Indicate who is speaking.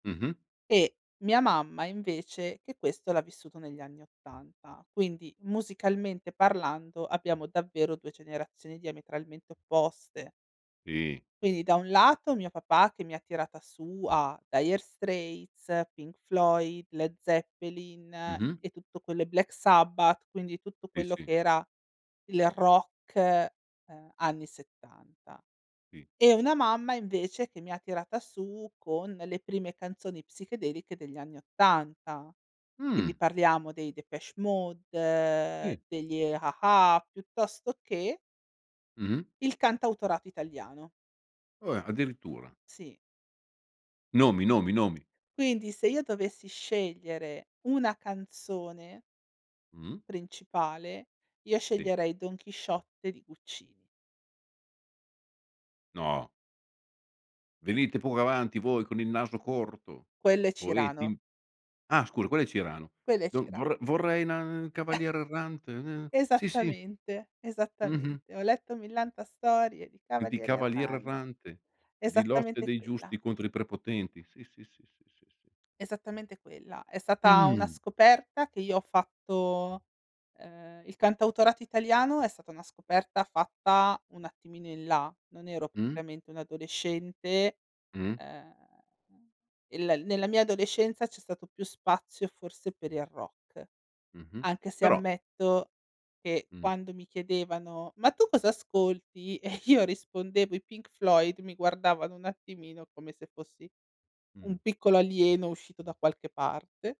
Speaker 1: Mh-mh.
Speaker 2: E mia mamma invece, che questo l'ha vissuto negli anni '80. Quindi, musicalmente parlando, abbiamo davvero 2 generazioni diametralmente opposte.
Speaker 1: Sì.
Speaker 2: Quindi da un lato mio papà che mi ha tirata su a Dire Straits, Pink Floyd, Led Zeppelin
Speaker 1: Mh-mh.
Speaker 2: e tutto quello i Black Sabbath, quindi tutto
Speaker 1: Sì,
Speaker 2: quello
Speaker 1: sì.
Speaker 2: che era il rock, ehm, anni '70.
Speaker 1: Sì.
Speaker 2: E una mamma, invece, che mi ha tirata su con le prime canzoni psichedeliche degli anni 80. Quindi
Speaker 1: Mh.
Speaker 2: parliamo dei Depeche
Speaker 1: Sì.
Speaker 2: Mode, degli A-ha, piuttosto che
Speaker 1: Mh-mh.
Speaker 2: il cantautorato italiano.
Speaker 1: Oh, eh, addirittura.
Speaker 2: Sì.
Speaker 1: Nomi, nomi, nomi.
Speaker 2: Quindi se io dovessi scegliere una canzone
Speaker 1: Mh.
Speaker 2: principale, io
Speaker 1: Sì.
Speaker 2: sceglierei Don Chisciotte di Guccini.
Speaker 1: No. Venite poco avanti voi con il naso corto,
Speaker 2: Quello è
Speaker 1: poeti
Speaker 2: Cirano.
Speaker 1: im. Ah scusa quello è Cirano.
Speaker 2: Quello è
Speaker 1: Do
Speaker 2: Cira
Speaker 1: vor vorrei na cavaliere errante n Sì, sì.
Speaker 2: Esattamente,
Speaker 1: Mh-mh.
Speaker 2: esattamente. Ho letto millanta storie di
Speaker 1: E di
Speaker 2: cavalieri
Speaker 1: cavaliere
Speaker 2: erran
Speaker 1: errante, di lotte
Speaker 2: esattamente
Speaker 1: dei
Speaker 2: quella.
Speaker 1: giusti contro i prepotenti, Sì, sì, sì, sì, sì, sì.
Speaker 2: Esattamente quella. È stata una
Speaker 1: Mh.
Speaker 2: scoperta che io ho fatto ehm, il cantautorato italiano è stata una scoperta fatta un attimino in là, non ero
Speaker 1: Mh.
Speaker 2: propriamente un'adolescente.
Speaker 1: Mh.
Speaker 2: Ehm, il nella mia adolescenza c'è stato più spazio forse per il rock,
Speaker 1: Mh-mh,
Speaker 2: anche se
Speaker 1: però
Speaker 2: ammetto che
Speaker 1: Mh.
Speaker 2: quando mi chiedevano: "Ma tu cosa ascolti?" E io rispondevo: "I Pink Floyd." Mi guardavano un attimino, come se fossi un
Speaker 1: Mh.
Speaker 2: piccolo alieno uscito da qualche parte.